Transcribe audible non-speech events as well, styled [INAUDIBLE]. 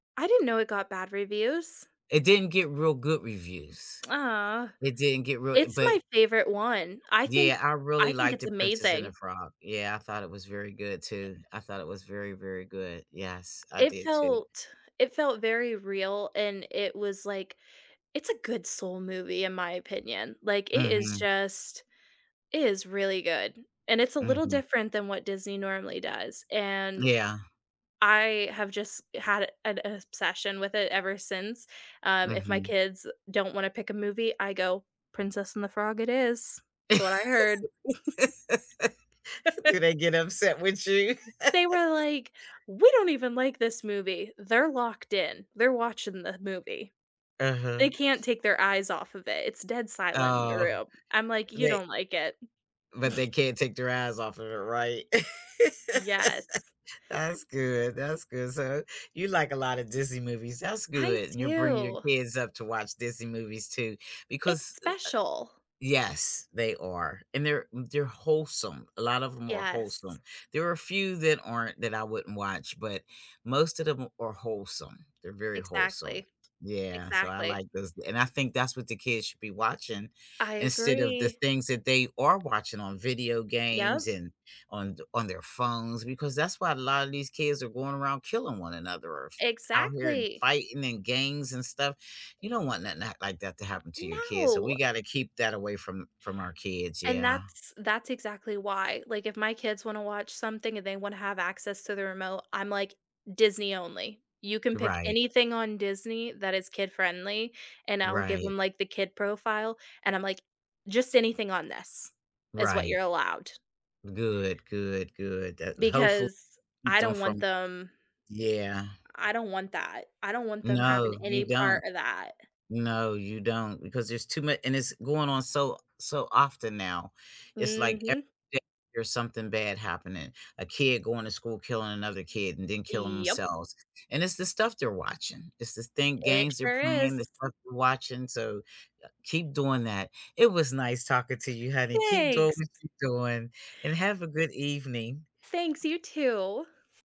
I didn't know it got bad reviews. It didn't get real good reviews. Aw. It didn't get real It's but my favorite one, I think Yeah, I really I think liked it's The Princess and the amazing. Frog, yeah, I thought it was very good Uh too, I thought it was very, very good, yes, I It did too. felt it felt very real, and it was, like it's a good soul movie in my opinion, like, it is Mhm. just it is really good, and it's a little Mhm. different than what Disney normally does, and Yeah. I have just had an obsession with it ever since, um, if my Mhm. kids don't wanna pick a movie, I go, "Princess and the Frog it is." That's what I heard. [CHUCKLES] [LAUGHS] Do they [LAUGHS] get upset with you? They were [LAUGHS] like, "We don't even like this movie," they're locked in, they're watching the movie. They Uh-huh. can't take their eyes off of it, it's dead silent in the Oh. room, I'm, like, "You They don't like it?" but they [CHUCKLES] can't take their eyes off of it, right? [LAUGHS] Yes. That's good, that's good, so you like a lotta Disney movies, that's I good and you're bringing your do. kids up to watch Disney movies too, It's because, uh uh special. Yes, they are. And they're they're wholesome, a lot of 'em are wholesome, Yes. there are a few that aren't that I wouldn't watch, but most of them are wholesome, they're very wholesome, Exactly. yeah, so I Exactly. like those, and I think that's what the kids should be watching I instead of the agree. things that they are watching on video games, Yep. and on the on their phones because that's why a lotta these kids are going around killing one another or f out here and Exactly. fighting in gangs and stuff, you don't want nothing like that to happen to your kids, so No. we gotta keep that away from from our kids, And yeah. that's that's exactly why, like, if my kids wanna watch something and they wanna have access to the remote, I'm, like, "Disney only, you can pick Right. anything on Disney that is kid-friendly," and I'll give Right. them, like, the kid profile, and I'm, like, "Just anything on this is what you're Right. allowed." Good, good, good, that hopeful Because I done don't want from them yeah. I don't want that; I don't want them having No, you any don't. part of that. No, you don't because there's too mu and it's going on so so often now, it's, like, every Mhm. day there's something bad happening, a kid going to school, killing another kid, and then killing Yep. themselves, and it's the stuff they're watching, it's this thing It games they're sure is. playing, the stuff they're watching, so keep doing that. It was nice talking to you, honey, keep doing Thanks. what you doing and have a good evening. Thanks. You, too.